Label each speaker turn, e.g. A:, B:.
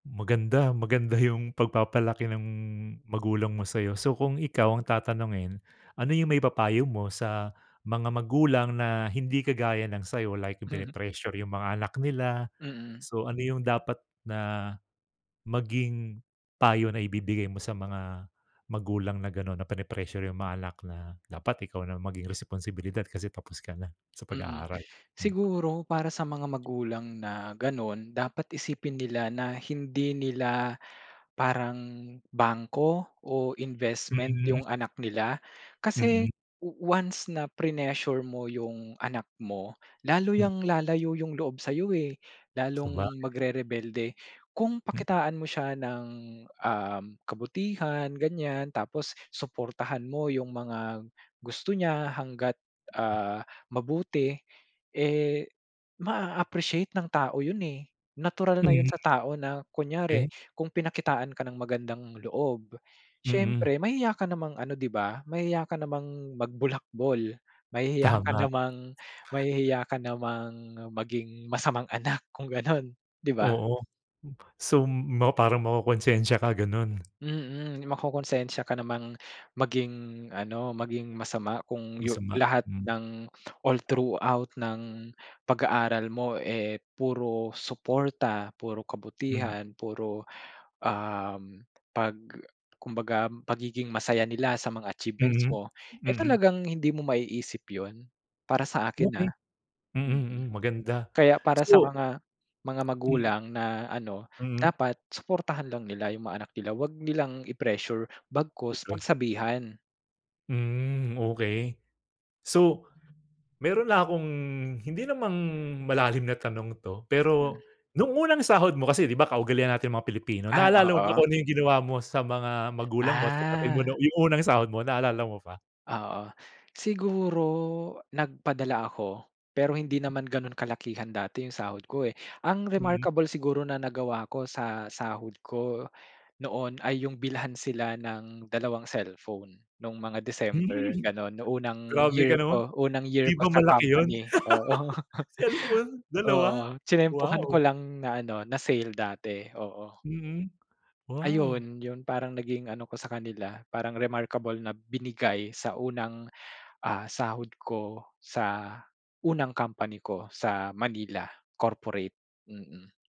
A: Maganda, maganda yung pagpapalaki ng magulang mo sa’yo. So, kung ikaw ang tatanungin, ano yung maipapayo mo sa mga magulang na hindi kagaya ng sa’yo like,
B: Mhm.
A: pini-pressure yung mga anak nila?
B: Mm.
A: So, ano yung dapat na maging payo na ibibigay mo sa mga magulang na gano’n, na peni-pressure yung mga anak na, "Dapat ikaw ng maging responsibilidad kasi tapos ka na sa
B: Mm,
A: pag-aaral."
B: siguro para sa mga magulang na ganon dapat isipin nila na hindi nila parang bangko o investment
A: Mm.
B: yung anak nila. Kasi
A: Mm.
B: once na prenessure mo yung anak mo, lalo
A: Hmm.
B: yang lalayo yung loob sa'yo eh, lalong
A: Sabagay.
B: magrerebelde. Kung
A: Hmm.
B: pakitaan mo siya ng, um, kabutihan ganyan, tapos suportahan mo yung mga gusto niya hangga't,
A: Hmm.
B: ah, mabuti, eh, maa-appreciate ng tao 'yon eh. Natural na yon
A: Hmm.
B: sa tao na kunyari
A: Eh.
B: kung pinakitaan ka ng magandang loob,
A: Mm.
B: siyempre mahiya ka namang ano 'di ba, mahiya ka namang magbulakbol, mahihiya ka
A: Tama.
B: namang mahihiya ka namang, maging masamang anak kung gano'n, 'di ba?
A: Oo. So, m parang makokonsensiya ka gano’n?
B: Mm, makokonsensya ka namang maging ano, maging masama kung yu
A: Masama,
B: lahat
A: hmm.
B: ng all throughout ng pag-aaral mo, eh, puro suporta, puro
A: Mhm.
B: kabutihan, puro, um 'pag kumbaga pagiging masaya nila sa mga achievements
A: Mhm.
B: mo, eh
A: Mm.
B: talagang hindi mo maiisip ‘yon, para sa akin
A: Okey.
B: ah.
A: Mhm,
B: Mm.
A: hmm, maganda.
B: Kaya para sa
A: So
B: mga mga
A: Mm.
B: magulang na ano
A: Mm.
B: dapat suportahan lang nila yung mga anak nila, ‘wag nilang i-pressure bagkus
A: Okey.
B: pagsabihan.
A: Hmm, okey. So, mayro'n lang akong hindi namang malalim na tanong ‘to,
B: Mhm.
A: pero nung unang sahod mo kasi di ba, kaugalian nating mga Pilipino,
B: Ah,
A: naalala mo pa
B: oo.
A: kung yung ginawa mo sa mga magulang mo at kapatid mo,
B: Ah.
A: nung yung unang sahod mo, naalala mo pa?
B: Oo. Siguro, nagpadala ako, pero hindi naman gano’n kalakihan dati yung sahod ko, eh. Ang
A: Mm.
B: remarkable siguro na nagawa ko sa sahod ko noon, ay yung bilhan sila ng dalawang cellphone, nung mga December
A: Hmm.
B: gano'n, nung unang
A: Grabe
B: year
A: ka naman!
B: ko, unang year
A: 'Di
B: ko
A: ba,
B: sa
A: malaki ‘yon?
B: company, oo.
A: Cellphone, dalawa?
B: Oo, tiyenempuhan ko
A: Wow!
B: lang na ano, na sale dati, oo.
A: Mhm, wow!
B: Ayun, yon parang naging ano ko sa kanila parang remarkable na binigay sa unang, ah, sahod ko sa unang company ko sa Manila corporate. Mm.